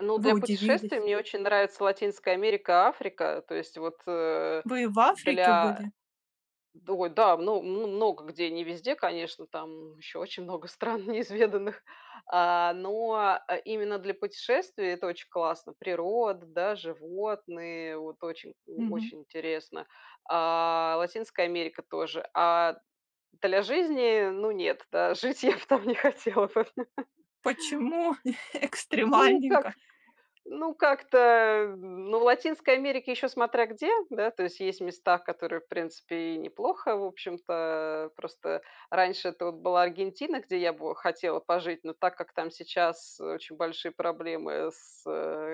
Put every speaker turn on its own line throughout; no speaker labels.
Ну,
Вы
для
удивились.
путешествий мне очень нравится Латинская Америка, Африка. То есть, вот э,
Вы и в Африке
для.
были?
Ду ой, да, мно мн мн много где не везде, конечно, там ещё очень много стран неизведанных, а но, э, именно для путешествий это очень классно: природа, да, животные вот, очень о
Мгм.
очень интересно. А Латинская Америка тоже. А для жизни- ну нет, да, жить я б там не хотела бы.
Почему
Ну
экстремальненько?
как, ну как-то, ну в Латинской Америке еще смотря где, да. То есть, есть места, которые, в принципе, и неплохо, в общем-то. Просто раньше это вот была Аргентина, где я бы хотела пожить. Но так как там сейчас очень большие проблемы с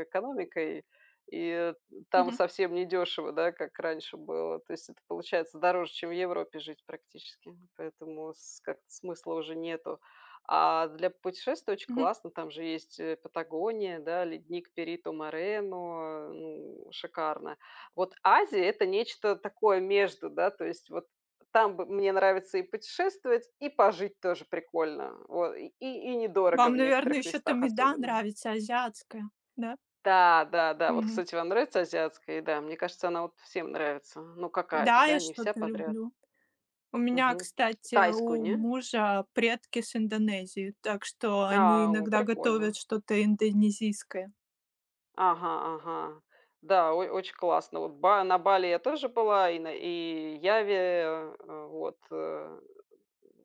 экономикой и там
Мгм.
совсем не дешево, да, как раньше было. То есть, это получается дороже, чем в Европе жить практически, поэтому с как-то смысла уже нету. А для путешествий очень
Мгм.
классно. Там же есть, э, Патагония, да, ледник Перито-Морено. Ну шикарно. Вот Азия- это нечто такое между, да. То есть, вот там бы мне нравится и путешествовать, и пожить тоже прикольно. Вот, и и и недорого
Вам,
в
наверно,
некоторых
ещё там
местах
еда
особенно.
нравится азиатская, да?
Та, да-да. Вот,
Мгм.
кстати, вам нравится азиатская еда? Мне кажется, она вот всем нравится. Ну какая-то,
Да,
да?
я
Не вся
что-то
подряд.
люблю. У меня,
Мгм,
кстати,
тайскую,
у
не?
мужа предки с Индонезии, так что они
А, о,
иногда готовят
прикольно.
что-то индонезийское.
Ага-ага. Да, ой очень классно. Вот ба на Бали я тоже была и на и Яве, э э, вот, э.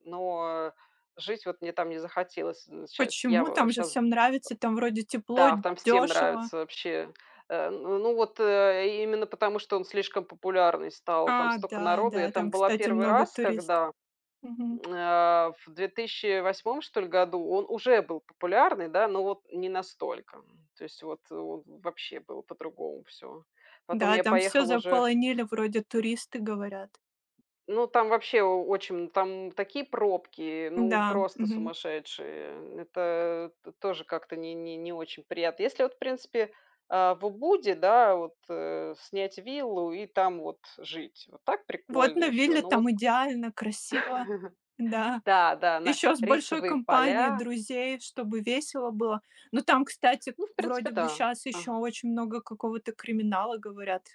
Но жить вот мне там не захотелось. З щас
Почему?
Ява
Там же
щас, э
всем нравится, там, вроде, тепло,
Да, в там всем
дёшево.
нравится вообще. Э, н ну, вот, э, и именно потому, что он слишком популярный стал, там
А,
стока народу. Я
да-да,
там
там,
была
кстати,
первый
много
раз
турист
когда,
мгм.
м, а, в 2008 что ль году; он уже был популярный, да, но вот не настолько, м. То есть, вот, э, в вообще было по-другому всё. Потом
Да, и
я
там всё
поехала уже.
заполонили, вроде, туристы, говорят.
Ну, там вообще о очень там такие пробки, ну,
М-да,
просто
мгм.
сумасшедшие. Н это т тоже как-то не не не очень приятно. Если, вот в принципе, э, в Убуде, да, вот, э, снять виллу и там вот жить. Вот так
Вот
прикольно
на
еще,
вилле-
ну вот
там
к
идеально, красиво, да.
Да да, на
Ещё с большой
рисовые
компанией
поля.
друзей, чтобы весело было. Ну там, кстати,
Ну, в принципе
вроде бы
да,
щас ещё
ага.
очень много какого-то криминала, говорят.